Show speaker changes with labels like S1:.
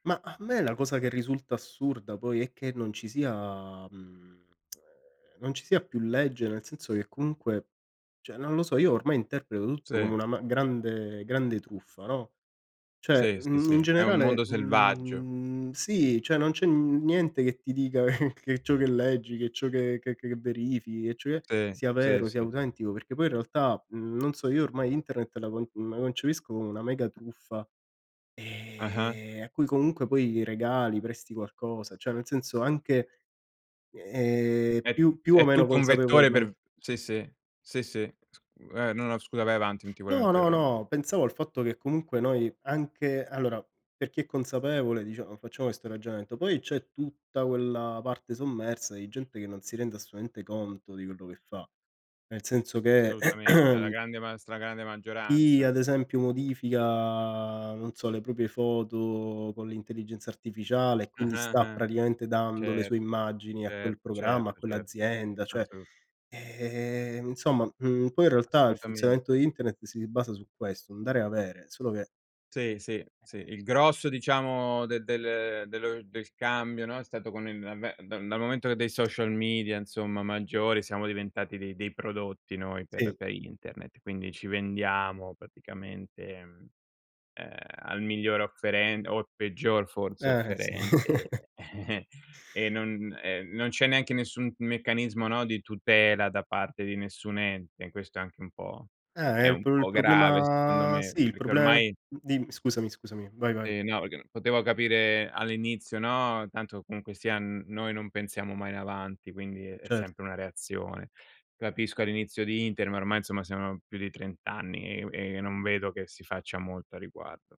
S1: Mah, a me la cosa che risulta assurda poi è che non ci sia, mhmm, ehm, non ci sia più legge, nel senso che comunque cioè, non lo so, io ormai interpreto tutto
S2: Sì.
S1: come una ma grande grande truffa, no. Cioè,
S2: Sì. Sì,
S1: mhmm, in
S2: sì, è un
S1: generale,
S2: mondo selvaggio.
S1: mhmm, sì, cioè non c'è niente che ti dica che che ciò che leggi, che ciò che che verifichi, e cioè
S2: Sì.
S1: sia
S2: Sì,
S1: vero, sia
S2: sì.
S1: autentico, perché poi in realtà, mhmm, non so, io ormai internet la con la concepisco come una mega truffa,
S2: Ah-ah.
S1: ehm, a cui comunque poi regali, presti qualcosa, cioè nel senso anche, ehm,
S2: È
S1: più più o
S2: è
S1: meno
S2: tutto un vettore per
S1: consapevolmen
S2: v sì, sì, sì, sì. Sc eh, no, no, scusa vai avanti, non ti volevo
S1: No, no,
S2: interrom
S1: no, pensavo al fatto che comunque noi anche allora per chi è consapevole, diciamo, facciamo questo ragionamento, poi c'è tutta quella parte sommersa di gente che non si rende assolutamente conto di quello che fa, nel senso che
S2: Assolutamente, è la grande ma stragrande
S1: chi
S2: maggioranza.
S1: ad esempio modifica, non so, le proprie foto con l'intelligenza artificiale e quindi
S2: Ah-ah
S1: sta
S2: ah.
S1: praticamente dando le sue
S2: Certo,
S1: immagini a quel
S2: certo,
S1: programma, a
S2: certo, certo,
S1: quell'azienda, cioè,
S2: assolut
S1: ehm, insomma, mhmm, poi in realtà il funzionamento
S2: Assolutamente.
S1: di internet si basa su questo, un dare e avere, solo che
S2: Sì, sì, sì. Il grosso, diciamo, del del dello del cambio, no, è stato con il l'avvent dal momento dei social media insomma maggiori, siamo diventati dei dei prodotti noi per
S1: Sì.
S2: per internet. Quindi ci vendiamo praticamente, mhmm, ehm, al miglior offeren o al peggior forse
S1: Eh, sì.
S2: offerente, e non e non c'è neanche nessun m meccanismo, no, di tutela da parte di nessun ente. Questo è anche un po'
S1: Eh, è
S2: è
S1: il
S2: un
S1: prob il
S2: po' grave secondo
S1: problema,
S2: me,
S1: sì, il
S2: perché
S1: problema
S2: ormai
S1: dimmi, scusami, scusami. Vai, vai.
S2: Eh no, perché non potevo capire all'inizio, no. Tanto comunque sia n noi non pensiamo mai in avanti, quindi è
S1: Certo.
S2: sempre una reazione. Capisco all'inizio di internet, ma ormai, insomma, siano più di 30 anni e u e non vedo che si faccia molto a riguardo.